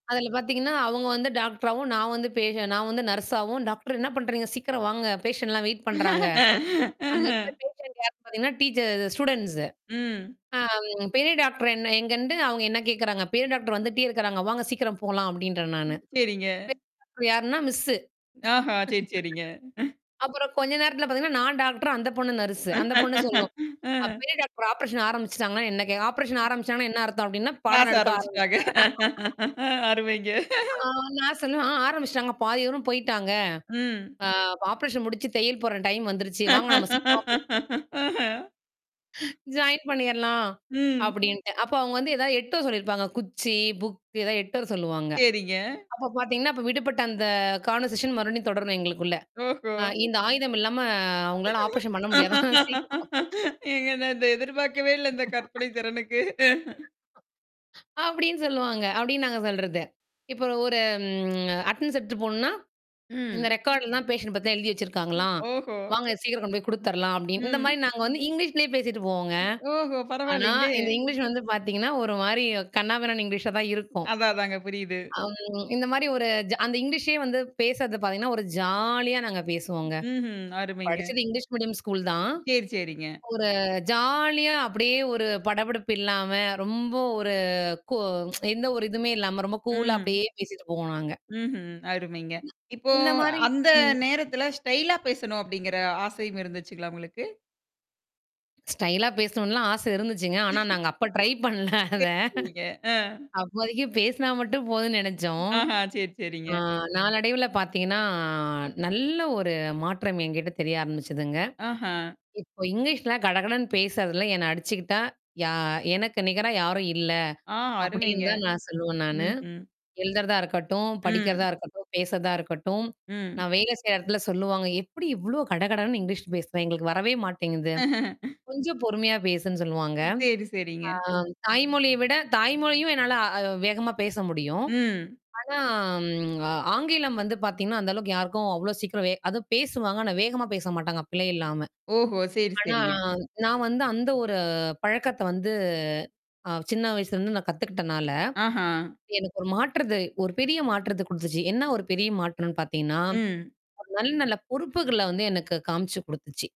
அதில பார்த்தீங்கன்னா, அவுங்க வந்து டாக்டராவும் நான் வந்து பேஷ நான் வந்து நர்ஸாவும் டாக்டர் என்ன பண்றீங்க? சீக்கிரம் வாங்க, பேஷண்ட்லாம் வெயிட் பண்றாங்க. அந்த அஹ. எடத்துல பேஷன்ட் யாருன்னு பார்த்தீங்கன்னா, டீச்ச அது ஸ்டூடண்ட்ஸ். ம். ஆ, பெரிய டாக்டர் என்ன எங்கன்ட்டு அவுங்க என்ன கேட்குறாங்க? பெரிய டாக்டர் வந்துட்டே இருக்கிறாங்க, வாங்க சீக்கிரம் போலாம் அப்பிடின்றேன், நானு. ம். சரிங்க. பெரிய டாக்டர் யாருன்னா மிஸ். ஆஹ! சரி, சரிங்க. அப்புறம் கொஞ்ச நேரத்தல பார்த்தீங்கன்னா, நான் டாக்ட்ரு, அந்த பொண்ணு நர்ஸு. அந்த பொண்ணு சொல்லும். அ. அ. பெரிய டாக்டர் ஆப்பரேஷன் ஆரம்பிச்சுட்டாங்கன்னா என்ன கேக்கும் ஆப்ரேஷன் ஆரம்பிச்சாங்கன்னா, என்ன அர்த்தம் அப்பிடின்னா பாடம் கிளாஸ் எடுக்க ஆரம்பிச்சுட்டா ஆரம்பிச்சுட்டாங்க அருமைங்க. ஆ நான் சொல்லுவேன் ஆரம்பிச்சுட்டாங்க. பாதி தூரம் போயிட்டாங்க. ம். ஆ ஆப்ரேஷன் முடிச்சு தையல் போட்ற டைம் வந்துருச்சு. வாங்கா நம்ம சீக்கிரமா [unintelligible] அஹ. ஜாயின் பண்ணிர்லாம். ம். அப்பிடின்ட்டு. அப்ப அவுங்க வந்து ஏதாவது எடுத்துட்டு வர சொல்லியிருப்பாங்க. குச்சி, புக் ஏதாவது எடுத்துட்டு வர சொல்லுவாங்க. சரிங்க. அப்ப பார்த்தீங்கன்னா, அப்ப விடுபட்ட அந்த கான்வர்சேஷன் மறுபடியும் தொடரும் எங்களுக்குள்ள. ஓஹோ! அ இந்த ஆயுதம் இல்லாம உங்களால ஆப்ரேஷன் பண்ண முடியாதாம் சீக்கிரம் ஏங்க இந்த நான் எதிர்பார்க்கவே இல்ல, இந்த கற்பனை திறனுக்கு. அப்பிடின்னு சொல்லுவாங்க. அப்பிடின்னு நாங்க சொல்றது. இப்ப ஒரு ம் அட்டனன்ஸ் எடுத்துட்டு போணுனா. இந்த ம். ரெக்கார்ட்லாம் பேஷன்ட் பத்திலாம் எழுதி வச்சிருக்காங்களாம். ஓஹோ! வாங்க சீக்கிரம் கொண்டு போய் குடுத்துர்லாம் அப்பிடின்னு. இந்தமாரி ம். நாங்க வந்து இங்கிலீஷ்லயே பேசிட்டு போவோங்க. ஓஹோ! ஆனா, பரவால்லேங்களே! இந்த இங்கிலீஷ் வந்து பார்த்தீங்கன்னா, ஒருமாரி கண்ணா பின்னான்ன இங்கிலீஷா தான் இருக்கும். அதான், அதாங்க. புரியுது. ம். இந்தமாரி ஒரு ஜ அந்த இங்கிலீஷே வந்து பேசுறது பார்த்தீங்கன்னா, ஒரு ஜாலியா நாங்க பேசுவோங்க. ம்ஹ்ம். அருமைங்க. படிச்சது இங்கிலீஷ் மீடியம் ஸ்கூல் தான். சேரி, சேரிங்க. ஒரு ஜாலியா அப்பிடியே ஒரு படப்படப்பு இல்லாம, ரொம்ப ஒரு கூ எந்த ஒரு இதுவுமே இல்லாம ரொம்ப கூலா ம். அப்பிடியே பேசிட்டு போவோம் நாங்க. ம்ஹ்ம். அருமைங்க. [unintelligible] இப்போ இந்தமாரி அந்த ம். நேரத்தில ஸ்டைலா பேசணும் அப்பிடிங்கிற ஆசையும் இருந்துச்சுங்களா உங்களுக்கு? ஸ்டைலா பேசணும்னுலாம் ஆசை இருந்துச்சுங்க. ஆனா நாங்க அப்ப ட்ரை பண்ணல அத. சேரி, சேரிங்க. ஆ. அப்போதைக்கு பேசுனா மட்டும் போதுன்னு நெனைச்சோம். ஆஹ! சேரி, சேரிங்க. ஆ நாளடைவுல பார்த்தீங்கன்னா, நல்ல ஒரு மாற்றம் என்கிட்ட தெரிய ஆரம்பிச்சதுங்க. ஆஹ! இப்போ இங்கிலீஷ்ல கடகடன்னு பேசுறதுல என்ன அடிச்சுக்கிட்டா, யா எனக்கு நிகரா யாரும் இல்ல. ஆ, அருமைங்க. அப்பிடின்தான் நான் சொல்லுவேன் நானு. ம்ஹ்ம். எழுதுறதா இருக்கட்டும், ம். படிக்கிறதா இருக்கட்டும், பேசுறதா இருக்கட்டும். ம். நான் வேல செய்யிற இடத்துல சொல்லுவாங்க. எப்பிடி இவ்ளோ கடகடன்னு இங்கிலீஷ் பேசுற. எங்களுக்கு வரவே மாட்டேங்குது. கொஞ்சம் பொறுமையா பேசுன்னு சொல்லுவாங்க. சேரி, சேரிங்க. ஆ தாய்மொழிய விட தாய்மொழியும் ஆ என்னால வேகமா பேச முடியும். ம். ஆனா ஆங்கிலம் ம் அ வந்து பார்த்தீங்கன்னா, அந்த அளவுக்கு யாருக்கும் அவ்ளோ சீக்கிரம் வே அதுவும் பேசுவாங்க ஆனா வேகமா பேச மாட்டாங்க, பிழை இல்லாம. ஓஹோ! சேரி, ஆனா சேரிங்க. நான் வந்து அந்த ஒரு பழக்கத்த வந்து ஆ சின்ன வயசுலருந்து நான் கத்துக்கிட்டனால, ஆஹா! எனக்கு ஒரு மாற்றத்த ஒரு பெரிய மாற்றத்த குடுத்துச்சு. என்ன ஒரு பெரிய மாற்றன்னு பார்த்தீங்கன்னா, ம். ஒரு நல்ல நல்ல பொறுப்புகள வந்து எனக்கு காமிச்சு குடுத்துச்சு.